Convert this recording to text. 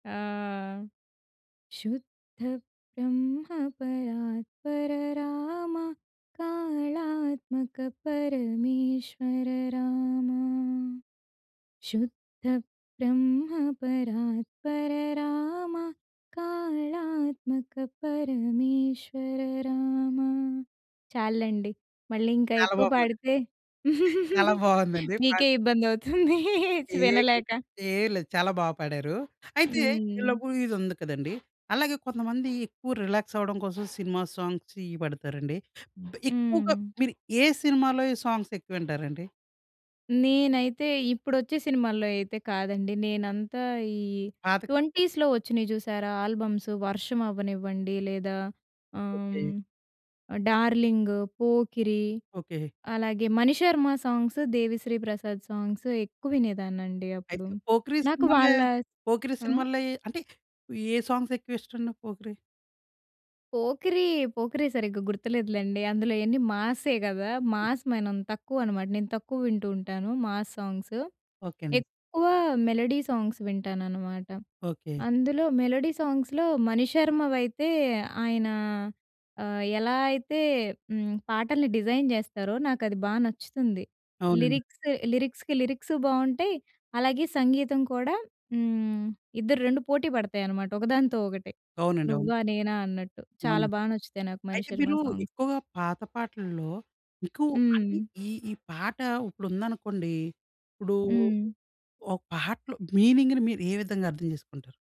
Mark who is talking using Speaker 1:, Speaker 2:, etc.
Speaker 1: ఆ! శుద్ధ బ్రహ్మ పరాత్పర రామ కాళాత్మక పరమేశ్వర రామా! శుద్ధ బ్రహ్మ పరాత్పర రామ కాళాత్మక పరమేశ్వర రామా. చాలులేండి మళ్ళీ ఇంకా
Speaker 2: చాలా
Speaker 1: ఎక్కువ
Speaker 2: బాపాడారు.
Speaker 1: పాడితే,
Speaker 2: చాలా బావుందది. పా
Speaker 1: మీకే ఇబ్బంది అవుతుంది చ్
Speaker 2: ఏం
Speaker 1: వినలేక.
Speaker 2: ఏం లేదు చాలా బాగా పాడారు. అయితే ఈ
Speaker 1: హ్మ్.
Speaker 2: లవ్ ఇదదుంది కదండీ, అలాగే కొంతమంది ఎక్కువ రిలాక్స్ అవ్వడం కోసం సినిమా సాంగ్స్ ఇవి పాడతారండి. బె ఎక్కువగా
Speaker 1: హ్మ్.
Speaker 2: మీరు ఏ సినిమాలో‌వి సాంగ్స్ ఎక్కువింటారండి?
Speaker 1: నేనైతే ఇప్పుడొచ్చే సినిమాల్లో అయితే కాదండి నేనంతా ఈ
Speaker 2: పాతకా
Speaker 1: 20స్‌లో వచ్చినయి జూసారా ఆల్బమ్సు 'వర్షం' అవ్వనివ్వండి లేదా
Speaker 2: ఓకే.
Speaker 1: ఆహ్, 'డార్లింగ్', ;పోకిరి;
Speaker 2: ఓకే.
Speaker 1: అలాగే మణిశర్మ సాంగ్స్ దేవిశ్రీ ప్రసాద్ సాంగ్స్ ఎక్కువినేదాన్నండి అప్పుడు.
Speaker 2: అయితే 'పోకిరి'
Speaker 1: నాకు
Speaker 2: సినిమాలే,
Speaker 1: వాళ్ళ
Speaker 2: 'పోకిరి'
Speaker 1: ఆ
Speaker 2: సినిమాలే అంటే ఏ సాంగ్స్ ఎక్కువ ఇష్టవండి 'పోకిరి'?
Speaker 1: 'పోకిరీ', 'పోకిరి' సరిగ్గా గుర్తులేదులలేండి అందులో యన్నీ మాసే గదా! మాస్ మనం తక్కువ అనమాట నేను తక్కువ వింటూ ఉంటాను మాస్ సాంగ్స్.
Speaker 2: ఓకే అండి.
Speaker 1: ఎక్కువ మెలోడీ సాంగ్స్ వింటాననమాట.
Speaker 2: ఓకే.
Speaker 1: అందులో మెలోడీ సాంగ్స్‌లో మణిశర్మవైతే ఆయన ఆహ్, ఎలా అయితే హ్మ్, పాటల్ని డిజైన్ జేస్తారో నాకది బా నచ్చుతుంది.
Speaker 2: అవునండి.
Speaker 1: లిరిక్స్ లిరిక్స్‌కి లిరిక్సు బావుంటాయి, అలాగే సంగీతం కూడా హ్మ్, ఇద్దరు 2 పోటీ పడతాయి అనమాట ఒకదానితో ఒకటే.
Speaker 2: అవునండి. అవును.
Speaker 1: నువ్వా నేనా అన్నట్టు చాలా
Speaker 2: అవును.
Speaker 1: బా నచ్చుతాయి నాకు
Speaker 2: అయితే
Speaker 1: మణిశర్మ
Speaker 2: మీరు
Speaker 1: సాంగ్స్.
Speaker 2: ఎక్కువగా పాత పాటల్లో మీకు అంటే
Speaker 1: హ్మ్.
Speaker 2: ఈ, ఈ పాట ఉప్పుడుందనుకోండి. ఇప్పుడూ,
Speaker 1: హ్మ్.
Speaker 2: ఒక పాటలో మీనింగ్‌ని మీరు ఏ విధంగా అర్థం చేసుకుంటారు?